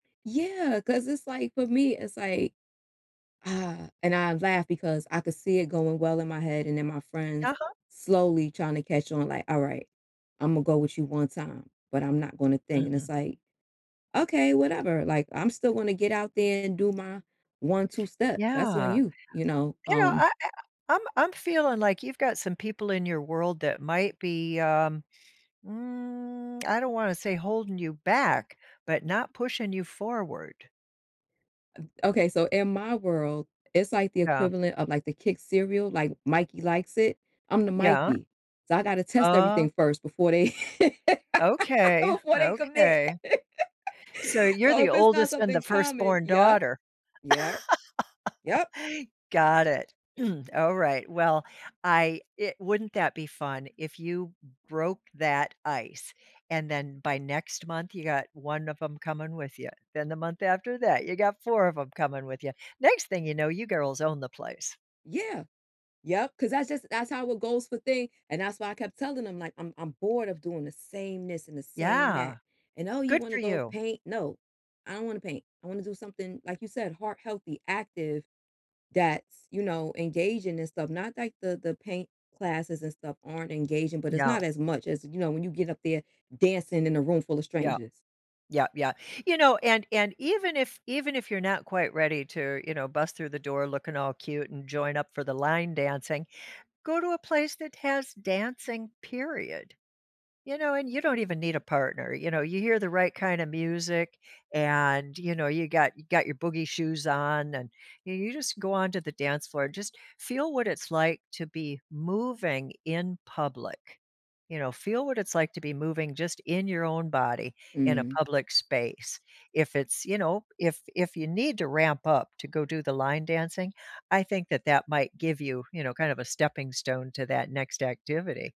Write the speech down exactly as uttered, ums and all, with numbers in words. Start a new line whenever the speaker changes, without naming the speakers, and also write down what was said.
Yeah, 'cause it's like for me, it's like uh, and I laugh because I could see it going well in my head and then my friends
Uh-huh.
slowly trying to catch on like, "Alright. Imma go with you one time, but I'm not gonna think," and it's
Mhm.
like, "Okay, whatever. Like, I'm still gonna get out there and do my '1, 2 Step.' That's on
Yeah.
you," you know?
You know,
Um
I I I'm I'm feeling like you've got some people in your world that might be, um, mm, I don't wanna say holding you back, but not pushing you forward.
Uh, okay, so, in my world, it's like the
Yeah.
equivalent of, like, the Kix cereal. Like, Mikey likes it. I'm the
Yeah.
Mikey. So I gotta test
Oh.
everything first before they
Okay,
before they commit.
okay. So, you're
So,
the
if it's not
oldest and the
something common
firstborn
Yep,
daughter.
yep, yup.
Got it. Alright, well, I it wouldn't that be fun if you m broke that ice, and then by next month, you got one of 'em coming with ya. Then, the month after that, you got four of 'em coming with ya. Next thing you know, you girls own the place.
Yeah. Yep, 'cause that just that's how it goes for thing, and that's why I kept telling them, like, "I'm I'm bored of doing the same this and the same
Yeah.
that," and, "Oh, you
Good
wanna
for
go
you.
paint?" "No. I don't wanna paint. I wanna do something," like you said, heart healthy, active that's, you know, engaging and stuff, not like the the paint classes and stuff aren't engaging, but it's
Yeah.
not as much as, you know, when you get up there dancing in a room full of
Yeah.
strangers.
Yeah, yeah. You know, and and even if even if you're not quite ready to, you know, bust through the door looking all cute and join up for the line dancing, go to a place that has dancing, period. You know, and you don't even need a partner; you know, you hear the right kinda music, and, you know, you got you got your boogie shoes on and y you just go on to the dance floor, just feel what it's like to be moving in public, you know, feel what it's like to be moving just in your own body in a
Mm.
public space. If it's, you know if if you need to ramp up to go do the line dancing, I think that that might give you, you know, kind of a stepping stone to that next activity.